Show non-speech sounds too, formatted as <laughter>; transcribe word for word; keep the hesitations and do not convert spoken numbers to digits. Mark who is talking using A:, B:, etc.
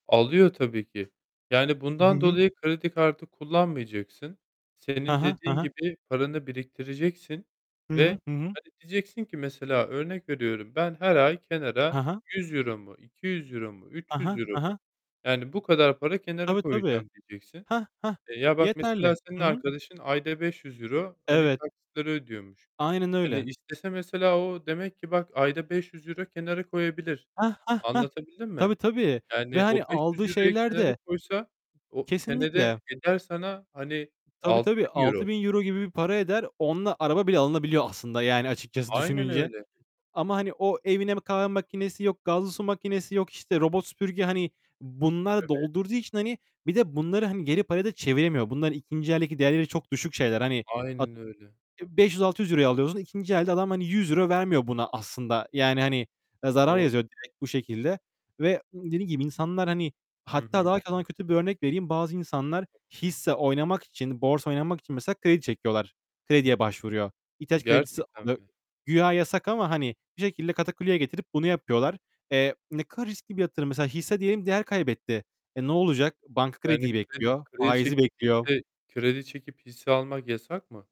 A: Alıyor tabii ki. Yani
B: Hı
A: bundan
B: hı.
A: dolayı kredi kartı kullanmayacaksın.
B: He
A: Senin
B: he, he
A: dediğin
B: he.
A: gibi paranı biriktireceksin
B: Hı hı.
A: ve,
B: Hı hı.
A: hani, diyeceksin ki mesela, örnek veriyorum, ben her ay
B: He
A: kenara
B: he.
A: yüz euro mu, iki yüz euro mu,
B: He
A: üç
B: he,
A: yüz euro
B: he he.
A: mu, yani, bu kadar para kenara
B: Tabii, tabii.
A: koyacağım diyeceksin.
B: Heh, heh!
A: Eee, ya, bak mesela
B: Yeterli.
A: senin
B: Hı hı.
A: arkadaşın ayda beş yüz euro, hani,
B: Evet.
A: taksitleri ödüyormuş.
B: Aynen
A: Hani,
B: öyle.
A: istese mesela o demek ki bak, ayda beş yüz euro kenara koyabilir.
B: Heh, heh, heh!
A: Anlatabildim mi?
B: Tabii, tabii. Ve,
A: Yani
B: hani,
A: o beş yüz
B: aldığı
A: euroyu
B: şeyler
A: kenara
B: de
A: koysa o,
B: Kesinlikle.
A: senede eder sana, hani,
B: Tabii,
A: altı
B: tabii.
A: bin euro.
B: altı bin euro gibi bir para eder. Onunla araba bile alınabiliyor aslında, yani, açıkçası
A: Aynen
B: düşününce.
A: öyle.
B: Ama, hani, o evine m kahve makinesi, yok gazlı su makinesi, yok, işte, robot süpürge, hani, bununla
A: Tabii.
B: doldurduğu için, hani, bir de bunları, hani, geri paraya da çeviremiyor. Bunların ikinci eldeki değerleri çok düşük şeyler, hani. At
A: Aynen öyle.
B: beş yüz altı yüz euro alıyorsun, ikinci elde adam, hani, yüz euro vermiyor buna aslında. Yani, hani, eee, zarar
A: Doğru.
B: yazıyor direkt bu şekilde ve dediğim gibi insanlar, hani
A: Hı
B: Hatta
A: hı.
B: daha kalan kötü bir örnek vereyim. Bazı insanlar hisse oynamak için, borsa oynamak için mesela kredi çekiyorlar. Krediye başvuruyor. İhtiyaç kredisi
A: Gerçekten mi?
B: <unintelligible> Güya yasak ama, hani, bir şekilde katakulliye getirip bunu yapıyorlar. Eee, ne kadar riskli bir yatırım mesela, hisse diyelim değer kaybetti. E, ne olacak? Banka
A: Yani
B: krediyi
A: kredi
B: bekliyor,
A: kredi
B: faizi
A: çekip
B: bekliyor.
A: hisse, kredi çekip hisse almak yasak mı?